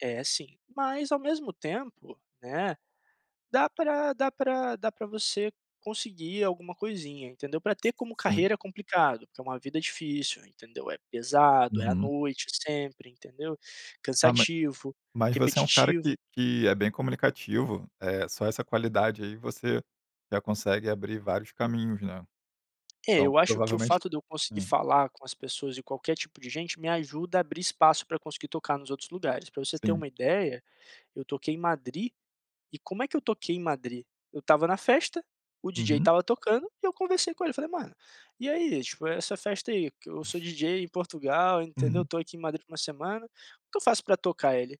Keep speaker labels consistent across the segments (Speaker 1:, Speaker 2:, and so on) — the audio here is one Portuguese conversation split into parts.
Speaker 1: É sim, mas ao mesmo tempo, né, dá pra dá pra dá pra você conseguir alguma coisinha, entendeu. Pra
Speaker 2: S
Speaker 1: ter como
Speaker 2: sim.
Speaker 1: carreira é complicado, que é uma vida difícil, entendeu, é pesado, é à
Speaker 2: Uhum.
Speaker 1: noite sempre, entendeu,
Speaker 2: Ah, ma
Speaker 1: cansativo,
Speaker 2: mas você é um cara
Speaker 1: repetitivo.
Speaker 2: que que é bem comunicativo, eh, só essa qualidade aí você já consegue abrir vários caminhos, né.
Speaker 1: É,
Speaker 2: Então
Speaker 1: eu acho que o
Speaker 2: provavelmente
Speaker 1: fato de eu conseguir
Speaker 2: hum.
Speaker 1: falar com as pessoas e qualquer tipo de gente me ajuda a abrir espaço pra eu conseguir tocar nos outros lugares. Pra você ter
Speaker 2: Sim.
Speaker 1: uma ideia, eu toquei em Madrid e como é que eu toquei em Madrid? Eu estava na festa, o DJ
Speaker 2: Uhum.
Speaker 1: estava tocando e eu conversei com ele, falei: "Mano, e aí, tipo, essa festa aí, eu sou DJ em Portugal, entendeu,
Speaker 2: Uhum.
Speaker 1: tô aqui em Madrid por 1 semana, o que eu faço pra tocar?". Ele: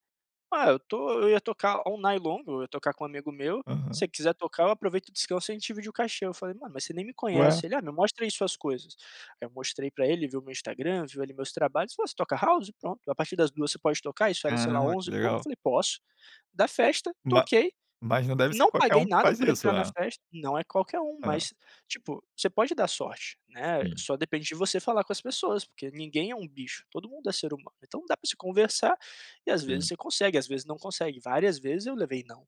Speaker 1: "Ah, eu tô eu ia tocar all night long, eu ia tocar com um amigo meu. Se
Speaker 2: Aham.
Speaker 1: você quiser tocar, eu aproveito descanso e a gente divide o cachê". Eu falei: "Mano, mas você nem me
Speaker 2: Ué.
Speaker 1: conhece", ele: "Ah, me mostra aí suas coisas". Aí eu mostrei pra ele, viu meu Instagram, viu ali meus trabalhos, falou: "Você toca house? Pronto, a partir das 2h você pode tocar". Isso era, sei lá,
Speaker 2: Caramba,
Speaker 1: onze
Speaker 2: que
Speaker 1: e pouco,
Speaker 2: legal.
Speaker 1: falei: "Posso". Da festa,
Speaker 2: Ma
Speaker 1: toquei,
Speaker 2: mas não deve ser
Speaker 1: não
Speaker 2: qualquer
Speaker 1: paguei
Speaker 2: um que
Speaker 1: nada
Speaker 2: faz
Speaker 1: por
Speaker 2: isso,
Speaker 1: entrar na
Speaker 2: né?
Speaker 1: festa não é qualquer um,
Speaker 2: É.
Speaker 1: mas, tipo, você pode dar sorte, né,
Speaker 2: Sim.
Speaker 1: só depende de você falar com as pessoas. Porque ninguém é um bicho, todo mundo é ser humano, então dá pra se conversar e às vezes
Speaker 2: Sim.
Speaker 1: você consegue, às vezes não consegue. Várias vezes eu levei "não",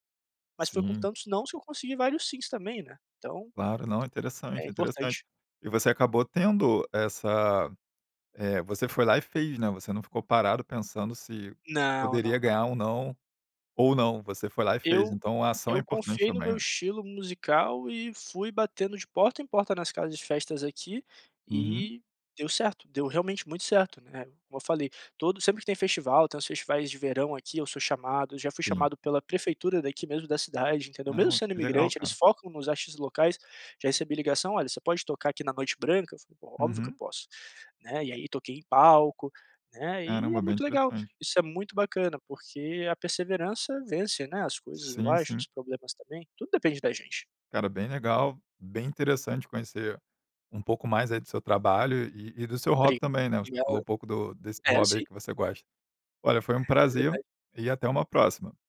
Speaker 1: mas foi com
Speaker 2: Sim.
Speaker 1: tantos "nãos" que eu consegui vários "sims" também, né, então
Speaker 2: Claro, não, é interessante,
Speaker 1: é
Speaker 2: é interessante.
Speaker 1: importante.
Speaker 2: E você acabou tendo essa eh, você foi lá e fez, né, você não ficou parado pensando se
Speaker 1: Não,
Speaker 2: poderia
Speaker 1: não,
Speaker 2: ganhar
Speaker 1: não.
Speaker 2: um "não" ou não, você foi lá e fez.
Speaker 1: Eu
Speaker 2: Então a ação é
Speaker 1: eu
Speaker 2: importante
Speaker 1: confiei no
Speaker 2: também,
Speaker 1: meu
Speaker 2: né.
Speaker 1: estilo musical e fui batendo de porta em porta nas casas de festas aqui
Speaker 2: Uhum.
Speaker 1: e deu certo, deu realmente muito certo, né. Como eu falei, todo sempre que tem festival, tem uns festivais de verão aqui eu sou chamado, já fui
Speaker 2: Sim.
Speaker 1: chamado pela prefeitura daqui mesmo da cidade, entendeu.
Speaker 2: Ah,
Speaker 1: Mesmo
Speaker 2: nossa,
Speaker 1: sendo
Speaker 2: que legal,
Speaker 1: imigrante, eles
Speaker 2: cara.
Speaker 1: focam nos artistas locais, já recebi ligação: "Olha, você pode tocar aqui na Noite Branca?", eu falei: "Óbvio que eu
Speaker 2: Uhum.
Speaker 1: posso", né. E aí toquei em palco, né, e é
Speaker 2: Caramba, bem
Speaker 1: muito legal,
Speaker 2: interessante.
Speaker 1: isso é muito bacana. Porque a perseverança vence, né, as coisas, eu
Speaker 2: Sim,
Speaker 1: acho,
Speaker 2: sim.
Speaker 1: os problemas também, tudo depende da gente.
Speaker 2: Cara, bem legal, bem interessante conhecer um pouco mais aí do seu trabalho e e do seu hobby
Speaker 1: Briga
Speaker 2: também, né, você falou um
Speaker 1: brigado.
Speaker 2: pouco do desse
Speaker 1: É
Speaker 2: hobby aí
Speaker 1: sim.
Speaker 2: que você gosta. Olha, foi um
Speaker 1: É
Speaker 2: prazer
Speaker 1: verdade.
Speaker 2: e até uma próxima.